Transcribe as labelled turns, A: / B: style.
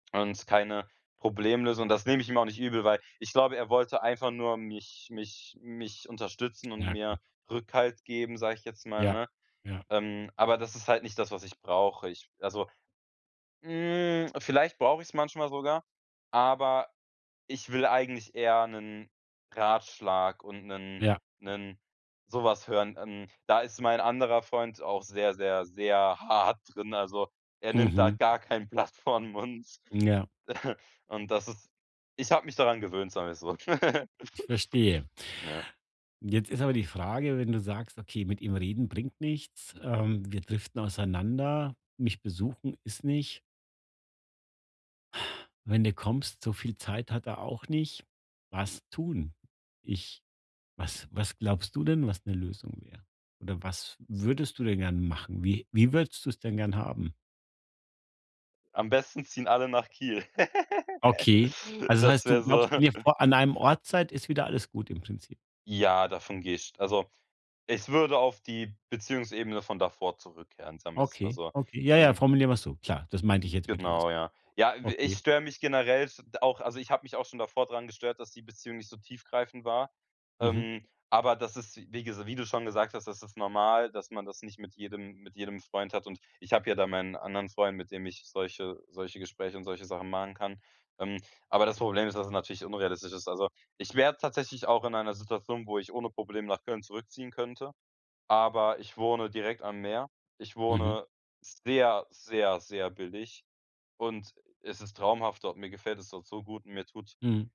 A: Und keine Problemlösung. Das nehme ich ihm auch nicht übel, weil ich glaube, er wollte einfach nur mich mich mich unterstützen und
B: Ja,. [unintelligible]
A: mir Rückhalt geben, sage ich jetzt mal,
B: Ja,
A: ne?
B: ja.
A: Ähm, aber das ist halt nicht das, was ich brauche. Ich also, hm, vielleicht brauche ich es manchmal sogar, aber ich will eigentlich eher 'nen Ratschlag und 'nen
B: Ja.
A: 'nen so was hören. Hm, da ist mein anderer Freund auch sehr, sehr, sehr hart drin, also, er nimmt da
B: Mhm.
A: gar kein Blatt vor 'n Mund.
B: Ja.
A: Und das ist ich habe mich daran gewöhnt, sagen wir es so.
B: Ich verstehe.
A: Ja.
B: Jetzt ist aber die Frage, wenn du sagst: „Okay, mit ihm reden bringt nichts, ähm, wir driften auseinander, mich besuchen ist nicht“ wenn du kommst, so viel Zeit hat er auch nicht. Was tun? Ich was was glaubst du denn, was 'ne Lösung wäre? Oder was würdest du denn gern machen? Wie wie würdest du es denn gern haben?
A: Am besten ziehen alle nach Kiel.
B: Okay, also, das
A: Das
B: heißt, du
A: wäre so
B: glaubst, wenn ihr vor an einem Ort seid, ist wieder alles gut im Prinzip?
A: Ja, davon gehe ich also, ich würde auf die Beziehungsebene von davor zurückkehren, sagen wir es mal
B: Okay,
A: so.
B: okay, ja ja,
A: Ähm
B: formulieren wir so. Klar, das meinte ich jetzt mit alles.
A: Genau, ja. Ja, äh, ich
B: [unintelligible] Okay.
A: störe mich generell s auch, also ich habe mich auch schon davor dran gestört, dass die Beziehung nicht so tiefgreifend war.
B: Mhm.
A: Ähm, aber das ist, wi wie ges wie du schon gesagt hast, das ist normal, dass man das nicht mit jedem mit jedem Freund hat und ich habe ja da meinen anderen Freund, mit dem ich solche solche Gespräche und solche Sachen machen kann, ähm, aber das Problem ist, dass es natürlich unrealistisch ist. Also, ich wäre tatsächlich auch in einer Situation, wo ich ohne Probleme nach Köln zurückziehen könnte, aber ich wohne direkt am Meer. Ich
B: Mhm.
A: wohne sehr, sehr, sehr billig und es ist traumhaft dort. Mir gefällt es dort so gut und mir tut
B: Mhm.